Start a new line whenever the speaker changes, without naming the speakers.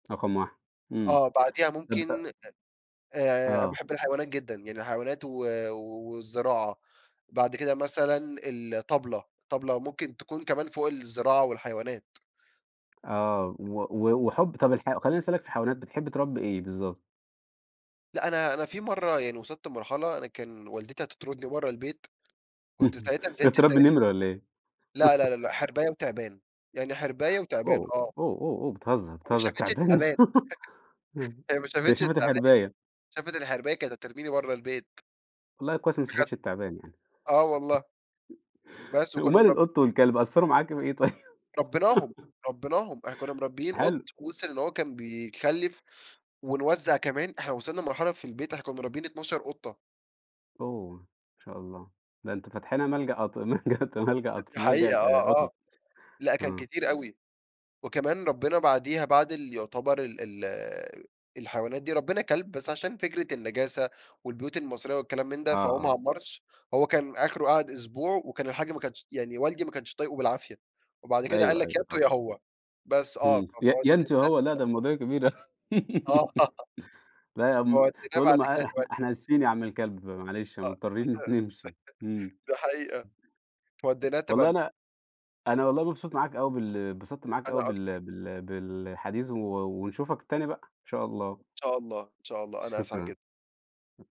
رقم 1، إمم.
آه، بعديها ممكن أ
[unintelligible]
آآ،
آه.
باحب الحيوانات جدًا، يعني الحيوانات و والزراعة، بعد كده مثلًا الطبلة، الطبلة ممكن تكون كمان فوق الزراعة والحيوانات.
آه، و و وحُب طب الح خليني أسألك في الحيوانات، بتحب تربي إيه بالضبط؟
لأ، أنا أنا في مرة يعني وصلت لمرحلة، أنا كان والدتي هتطردني برّه البيت، كنت ساعتها
تعرف
نزلت
تربي
اشتريت حا
نمر والّا إيه؟
لا، لا، لا، لأ حرباية وتِعبان، يعني حرباية وتِعبان،
أوه،
آه.
أوه، أوه، أوه بتهزر،
وما
بتهزر!
شافتش
تِعبان!
التِعبان،
امم،
هي ما
هي
شافتش
شافت
التِعبان.
الحرباية.
شافت الحرباية، كانت هترميني بره البيت.
والله كويس، إن ما
بجد،
شافتش التِعبان يعني.
آه والله. بس وكنا
وماله
مرب
القط والكلب، قصروا معاكِ في إيه طيب؟
ربيناهم، ربيناهم، إحنا كنا مربيين قط،
حلو.
وصل إن هو كان بيخلف ونوزع كمان. إحنا وصلنا لمرحلة في البيت، إحنا كُنَا مربيين 12 قطة.
أوه! ما شاء الله، ده أنتوا فاتحينها ملجأ أط ملجأ أط ملجأ أطف
دي حقيقة
ملجأ آآ،
آه، آه،
قطط.
لأ، كان
آه.
كتير أوي. وكمان ربينا بعديها بعد اللي يعتبر ال ال الحيوانات دي، ربينا كلب، بس عشان فكرة النجاسة والبيوت المصرية والكلام من ده،
آه،
فهو ما
آه.
عمّرش، هو كان آخره قعد أسبوع وكان الحاج ما كانش يعني والدي ما كانش طايقه بالعافية، وبعد كده قال
أيوه،
لك: "يا
أيوه،
أنتم
طبعًا.
يا هو." بس، آه، ف
همم، ي
فوديناه
يا أنتم يا هو! لأ،
تبني.
ده المواضيع كبيرة.
آه،
لأ، يا عم
فوديناه
تقول له
بعد كده
مع إحنا
تبني.
إحنا آسفين يا عم الكلب، م معلش،
آه،
مضطرين نس نمشي، امم.
دي ح دي حقيقة. فوديناه
والله
تبني.
أنا أنا والله مبسوط معاك أوي بال اتبسطت معاك أوي
أنا أكتر.
بال بال بالحديث و ونشوفك تاني بقى، إن شاء
إن
الله.
شاء الله، إن شاء الله، أنا أسعد
شكرًا.
جدًا.